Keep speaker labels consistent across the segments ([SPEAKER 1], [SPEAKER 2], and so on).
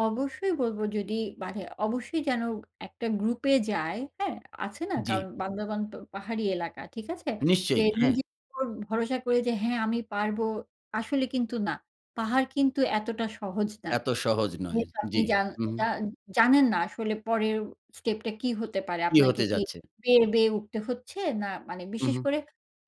[SPEAKER 1] অবশ্যই বলবো। যদি মানে অবশ্যই যেন একটা গ্রুপ এ যায় হ্যাঁ, আছে না
[SPEAKER 2] জি।
[SPEAKER 1] কারণ বান্দারবন পাহাড়ি এলাকা ঠিক আছে? যে
[SPEAKER 2] নিশ্চয়ই হ্যাঁ।
[SPEAKER 1] নিজের উপর ভরসা করে যে, হ্যাঁ আমি পারবো, আসলে কিন্তু না। পাহাড় কিন্তু এতটা সহজ না।
[SPEAKER 2] এত সহজ নয়।
[SPEAKER 1] যেহেতু আপনি
[SPEAKER 2] জি,
[SPEAKER 1] জান
[SPEAKER 2] উম
[SPEAKER 1] জান জানেন না আসলে পরের স্টেপটা কি হতে পারে?
[SPEAKER 2] কি
[SPEAKER 1] আপনাকে
[SPEAKER 2] হতে
[SPEAKER 1] কি
[SPEAKER 2] যাচ্ছে?
[SPEAKER 1] বেয়ে, বেয়ে উঠতে হচ্ছে না মানে
[SPEAKER 2] উম
[SPEAKER 1] বিশেষ
[SPEAKER 2] হু।
[SPEAKER 1] করে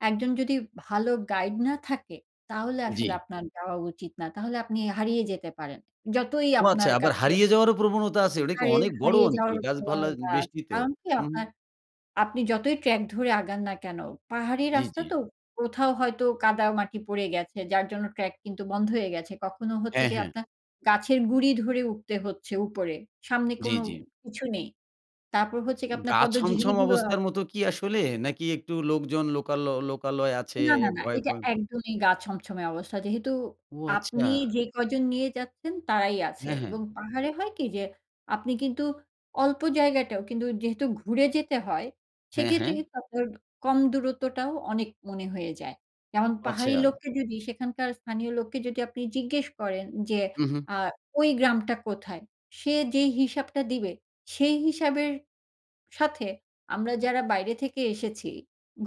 [SPEAKER 1] একজন যদি ভালো গাইড না থাকে তাহলে আসলে
[SPEAKER 2] জি।
[SPEAKER 1] আপনার যাওয়া উচিত না। তাহলে আপনি হারিয়ে যেতে পারেন। যতই
[SPEAKER 2] ও আচ্ছা,
[SPEAKER 1] আপনার
[SPEAKER 2] আবার
[SPEAKER 1] কাছে
[SPEAKER 2] হারিয়ে যাওয়ারও প্রবণতা আছে। ওটা কি
[SPEAKER 1] হারিয়ে,
[SPEAKER 2] অনেক বড়
[SPEAKER 1] হারিয়ে
[SPEAKER 2] অঞ্চল?
[SPEAKER 1] যাওয়ার
[SPEAKER 2] গাছপালা
[SPEAKER 1] প্রবণতা আছে।
[SPEAKER 2] বেশি ত?
[SPEAKER 1] কারণ কি
[SPEAKER 2] হুম।
[SPEAKER 1] আপনার, আপনি যতই ট্রাক ধরে আগান না কেন? পাহাড়ি
[SPEAKER 2] জি,
[SPEAKER 1] রাস্তা
[SPEAKER 2] জি।
[SPEAKER 1] তো কোথাও হয়তো কাদা মাটি পড়ে গেছে যার জন্য ট্রাক কিন্তু বন্ধ হয়ে গেছে। কখনো হচ্ছে
[SPEAKER 2] হ্যাঁ,
[SPEAKER 1] গিয়ে
[SPEAKER 2] হ্যাঁ।
[SPEAKER 1] আপনার গাছের গুঁড়ি ধরে উঠতে হচ্ছে উপরে, সামনে
[SPEAKER 2] জি,
[SPEAKER 1] কোন
[SPEAKER 2] জি।
[SPEAKER 1] কিছু নেই। তারপর হচ্ছে আপনার
[SPEAKER 2] গা
[SPEAKER 1] পদ্মঝিরী
[SPEAKER 2] ছমছম
[SPEAKER 1] গুলো
[SPEAKER 2] অবস্থার
[SPEAKER 1] আছে।
[SPEAKER 2] মত কি আসলে? নাকি একটু লোকজন লোকালো লোকালয় আছে
[SPEAKER 1] না, না, না। এটা
[SPEAKER 2] ভয়-পয়?
[SPEAKER 1] একদমই গা ছমছমে অবস্থা, যেহেতু
[SPEAKER 2] ও,
[SPEAKER 1] আপনি
[SPEAKER 2] আচ্ছা।
[SPEAKER 1] যে কয়জন নিয়ে যাচ্ছেন তারাই আছে
[SPEAKER 2] হ্যাঁ, হ্যাঁ।
[SPEAKER 1] এবং পাহাড়ে হয় কি যে, আপনি কিন্তু অল্প জায়গাটাও কিন্তু যেহেতু ঘুরে যেতে হয়
[SPEAKER 2] হ্যাঁ,
[SPEAKER 1] সেক্ষেত্রে
[SPEAKER 2] হ্যাঁ।
[SPEAKER 1] কিন্তু আপনার কম দূরত্বটাও অনেক মনে হয়ে যায়। যেমন
[SPEAKER 2] ও,
[SPEAKER 1] পাহাড়ি
[SPEAKER 2] আচ্ছা।
[SPEAKER 1] লোককে যদি সেখানকার স্থানীয় লোককে যদি আপনি জিজ্ঞেস করেন যে,
[SPEAKER 2] হুম, হু।
[SPEAKER 1] আ ওই গ্রামটা কোথায় সে যেই হিসাবটা দিবে সেই হিসাবের সাথে, আমরা যারা বাইরে থেকে এসেছি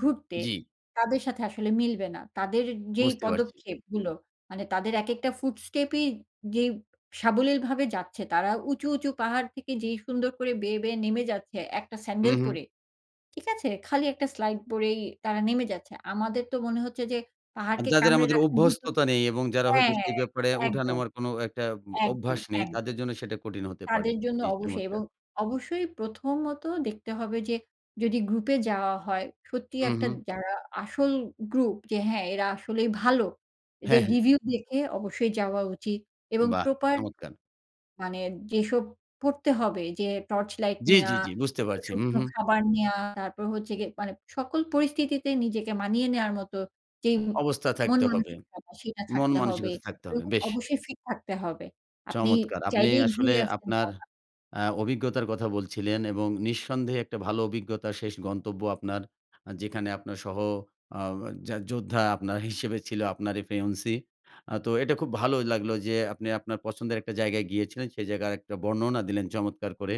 [SPEAKER 1] ঘুরতে,
[SPEAKER 2] জি।
[SPEAKER 1] তাদের সাথে আসলে মিলবে না। তাদের যেই
[SPEAKER 2] বুঝতে পারছি।
[SPEAKER 1] পদক্ষেপগুলো, মানে তাদের একেকটা ফুট স্টেপই যেই সাবলীলভাবে যাচ্ছে ,তারা উঁচু, উঁচু পাহাড় থেকে যেই সুন্দর করে বেয়ে বেয়ে নেমে যাচ্ছে একটা
[SPEAKER 2] হুম,
[SPEAKER 1] স্যান্ডাল
[SPEAKER 2] হু।
[SPEAKER 1] পরে, ঠিক আছে, খালি একটা স্লাইড পরেই তারা নেমে যাচ্ছে। আমাদের তো মনে হচ্ছে যে,
[SPEAKER 2] আর
[SPEAKER 1] পাহাড়কে
[SPEAKER 2] যাদের
[SPEAKER 1] কামড়ে
[SPEAKER 2] আমাদের
[SPEAKER 1] রাখা [unintelligible]
[SPEAKER 2] অভ্যস্ততা নেই এবং যারা
[SPEAKER 1] হ্যাঁ,
[SPEAKER 2] হয়তো সেই
[SPEAKER 1] হ্যাঁ,
[SPEAKER 2] ব্যাপারে উঠা
[SPEAKER 1] একদম।
[SPEAKER 2] নামার কোন একটা
[SPEAKER 1] একদম,
[SPEAKER 2] অভ্যাস নেই
[SPEAKER 1] একদম।
[SPEAKER 2] তাদের জন্য সেটা কঠিন হতে পারে,
[SPEAKER 1] তাদের জন্য
[SPEAKER 2] জি
[SPEAKER 1] অবশ্যই এবং
[SPEAKER 2] চমৎকার।
[SPEAKER 1] অবশ্যই প্রথমত দেখতে হবে যে, যদি গ্রুপ এ যাওয়া হয় সত্যিই
[SPEAKER 2] হুম,
[SPEAKER 1] একটা
[SPEAKER 2] হু।
[SPEAKER 1] যারা আসল গ্রুপ, যে হ্যাঁ, এরা আসলেই ভালো। এদের
[SPEAKER 2] হ্যাঁ, হ্যাঁ।
[SPEAKER 1] রিভিউ দেখে অবশ্যই যাওয়া উচিত এবং
[SPEAKER 2] বাহ!
[SPEAKER 1] প্রপার
[SPEAKER 2] চমৎকার।
[SPEAKER 1] মানে যেসব পড়তে হবে যে, টর্চ লাইট
[SPEAKER 2] জি, জি,
[SPEAKER 1] নেওয়া,
[SPEAKER 2] জি। বুঝতে পারছি। হুম,
[SPEAKER 1] শুকনো
[SPEAKER 2] হু।
[SPEAKER 1] খাবার নেওয়া, তারপর হচ্ছে গিয়ে মানে সকল পরিস্থিতিতে নিজেকে মানিয়ে নেওয়ার মতো যেই
[SPEAKER 2] অবস্থা
[SPEAKER 1] মন
[SPEAKER 2] থাকতে হবে।
[SPEAKER 1] মানসিক সেটা
[SPEAKER 2] মন
[SPEAKER 1] ছাড়তে হবে,
[SPEAKER 2] মানসিকতা থাকতে
[SPEAKER 1] এবং
[SPEAKER 2] হবে। বেশ।
[SPEAKER 1] অবশ্যই ফিট থাকতে হবে। আপনি
[SPEAKER 2] চমৎকার। আপনি
[SPEAKER 1] চাইলেই
[SPEAKER 2] আসলে
[SPEAKER 1] ঘুরে আসতে।
[SPEAKER 2] আপনার
[SPEAKER 1] [unintelligible]
[SPEAKER 2] আ অভিজ্ঞতার কথা বলছিলেন এবং নিঃসন্দেহে একটা ভালো অভিজ্ঞতার শেষ গন্তব্য আপনার যেখানে আপনার সহ আ আও যা যোদ্ধা আপনার হিসেবে ছিল আপনার ফেওন্সি। আ তো এটা খুব ভালো লাগলো যে, আপনি আপনার পছন্দের একটা জায়গায় গিয়েছিলেন। সে জায়গায় একটা বর্ণনা দিলেন চমৎকার করে।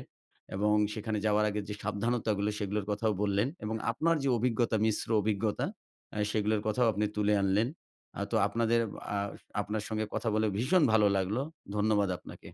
[SPEAKER 2] এবং সেখানে যাওয়ার আগে যে সাবধানতাগুলো সেগুলোর কথাও বললেন। এবং আপনার যে অভিজ্ঞতা মিশ্র অভিজ্ঞতা আ সেগুলোর কথাও আপনি তুলে আনলেন। আ তো আপনাদের আ আপনার সঙ্গে কথা বলে ভীষণ ভালো লাগলো। ধন্যবাদ আপনাকে।